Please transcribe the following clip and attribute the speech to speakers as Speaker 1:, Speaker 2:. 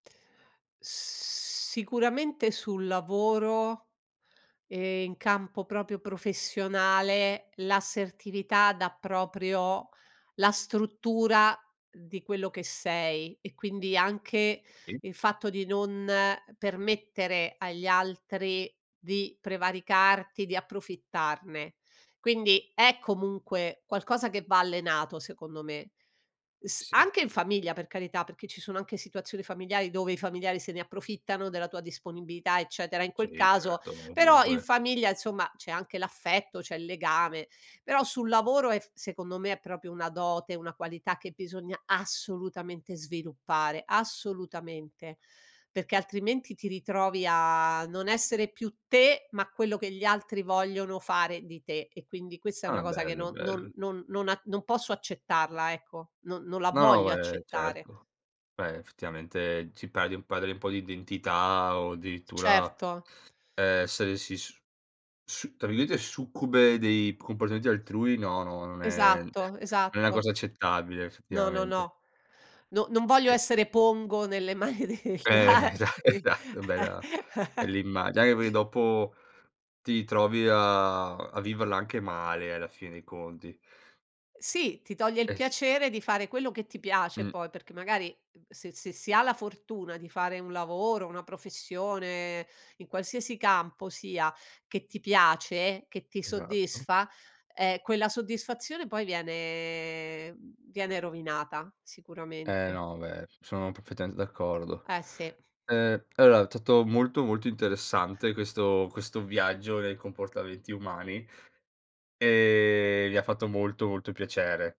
Speaker 1: Sicuramente sul lavoro, e in campo proprio professionale, l'assertività dà proprio la struttura di quello che sei, e quindi anche
Speaker 2: [unintelligible]
Speaker 1: il fatto di non permettere agli altri di prevaricarti, di approfittarne. Quindi, è comunque qualcosa che va allenato secondo me. S
Speaker 2: Sì.
Speaker 1: anche in famiglia per carità, perché ci sono anche situazioni familiari, dove i familiari se ne approfittano della tua disponibilità eccetera; in quel
Speaker 2: Sì,
Speaker 1: caso
Speaker 2: certo,
Speaker 1: però in
Speaker 2: comunque
Speaker 1: famiglia, insomma, c'è anche l'affetto, c'è il legame; però sul lavoro, è f secondo me è proprio una dote, una qualità che bisogna assolutamente sviluppare, assolutamente. Perché altrimenti ti ritrovi a non essere più te, ma quello che gli altri vogliono fare di te, e quindi questa è una
Speaker 2: Ah,
Speaker 1: cosa che
Speaker 2: bello,
Speaker 1: non non
Speaker 2: bell
Speaker 1: non non a non posso accettarla, ecco, non non la
Speaker 2: No no,
Speaker 1: voglio
Speaker 2: beh,
Speaker 1: accettare.
Speaker 2: certo, cioè, effettivamente ti perdi perdi un po' di identità o addirittura,
Speaker 1: Certo.
Speaker 2: uhm, se si s tra virgolette "succube" dei comportamenti altrui no, no, non è
Speaker 1: Esatto,
Speaker 2: non è una
Speaker 1: esatto.
Speaker 2: cosa accettabile
Speaker 1: No, no,
Speaker 2: effettivamente.
Speaker 1: no, no non voglio
Speaker 2: E
Speaker 1: essere pongo, nelle mani degli
Speaker 2: Eh, esa
Speaker 1: altri.
Speaker 2: esatto bella bel immagine, anche perché dopo, ti trovi a a viverla anche male alla fine dei conti.
Speaker 1: Sì, ti toglie il
Speaker 2: Eh, sì.
Speaker 1: piacere di fare quello che ti piace
Speaker 2: Mh.
Speaker 1: poi, perché magari, uhm, se se si ha la fortuna di fare un lavoro, una professione, in qualsiasi campo sia, che ti piace, che ti
Speaker 2: Esatto.
Speaker 1: soddisfa, eh, quella soddisfazione poi viene viene rovinata
Speaker 2: Eh,
Speaker 1: sicuramente.
Speaker 2: no, beh, sono perfettamente d'accordo.
Speaker 1: Eh sì.
Speaker 2: Eh, allo tutto molto, molto interessante, questo questo viaggio nei comportamenti umani, e mi ha fatto molto, molto piacere.